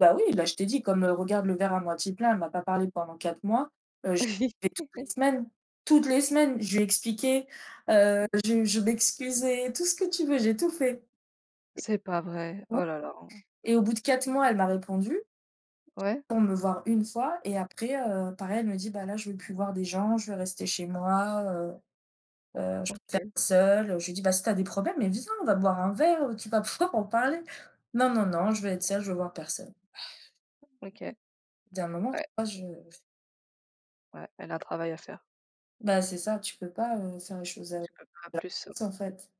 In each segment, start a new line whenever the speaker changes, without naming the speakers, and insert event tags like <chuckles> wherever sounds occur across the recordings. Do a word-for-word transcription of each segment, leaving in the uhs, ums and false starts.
Bah, oui, bah, je t'ai dit comme, heu, regarde le verre à moitié plein, elle m'a pas parlé pendant quatre mois, heu, je vais toutes les
<chuckles>
semaines, toutes les semaines, je lui ai expliqué, heu, je je m'excusais, tout ce que tu veux, j'ai tout fait.
C'est pas vrai,
Et ouais,
oh là là.
et au bout de quatre mois, elle m'a répondu,
Ouais.
pour me voir une fois et après, heu, pareil, elle me dit: «Bah, là, je veux plus voir des gens, je veux rester chez moi, heu, heu, je préfère
OK.
être seule, heu». Je lui dis: «Bah, si tu as des problèmes, mais viens, on va boire un verre, heu, tu vas pouvoir en parler». «Non, non, non, je veux être seule, je veux voir personne».
OK,
Il y a un moment, tu
ouais
vois, je
Ouais, elle a un travail à faire.
Bah, c'est ça, tu peux pas, heu, faire les choses à la
Tu peux pas plus, ouais.
place, en fait,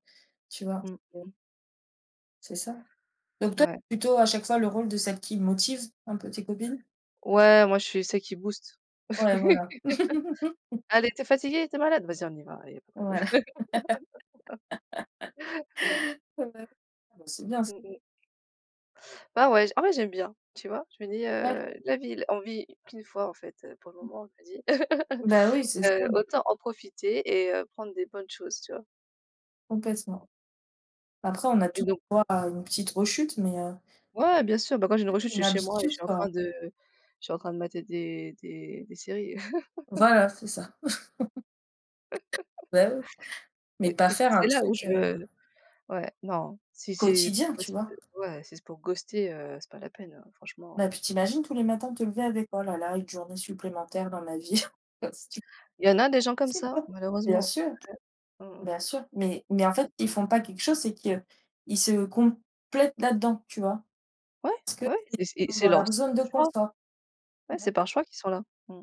tu vois?
Mmh mh.
C'est ça, donc toi,
Ouais.
plutôt à chaque fois le rôle de celle qui motive un peu tes copines?
Ouais, moi, je suis celle qui booste.
Ouais, voilà.
<laughs>
<laughs>
Allez tu es fatiguée, tu es malade, vas-y, on y va, allez, il y a pas de problème.
Voilà.
<laughs>
<laughs> Ouais. Ah bah, c'est bien ç
Mmh mh. Bah ouais, j en vrai j'aime bien, tu vois, je me dis,
Ouais.
heu: «La vie, l on vit qu'une fois en fait, heu, pour le
Mmh.
moment», je me dis.
Bah, oui,
<chuckles>
c'est ça.
Heu, autant en profiter et heu, prendre des bonnes choses, tu vois?
Complètement. Après, on a
Et
tous
donc
droit à une petite rechute, mais heu.
Ouais bien sûr, bah, quand j'ai une rechute, je
<unintelligible> une
suis chez moi et je
habitude,
suis en
quoi.
train de je suis en train de mater des des des séries. <chuckles>
Voilà, c'est ça. <chuckles>
<chuckles>
Bah, oui. Mais
Et
pas
et c'est
faire
c'est
un
là où
truc, heu
je ouais non, si c'est
quotidien,
pour
tu
ghost
vois.
ouais, si c'est pour ghoster, heu, c'est pas la peine, heu, franchement,
Bah,
heu.
puis, tu imagines tous les matins te lever avec «Oh là là, une journée supplémentaire dans ma vie». <chuckles> Tu
Il y en a des
pas
gens comme
possible,
ça
quoi. Bien
malheureusement.
sûr,
Ouais. Mmh mh.
bien sûr, mais mais en fait,
Ah.
ils font pas quelque chose, c'est qu'ils se complètent là-dedans, tu vois.
Ouais,
Parce que
ouais,
c'est
et c et
ils sont
c'est
dans
leur
leur
c
zone de
choix,
confort.
ouais,
Bah
c'est
oui.
par choix qu'ils sont là. Mmh.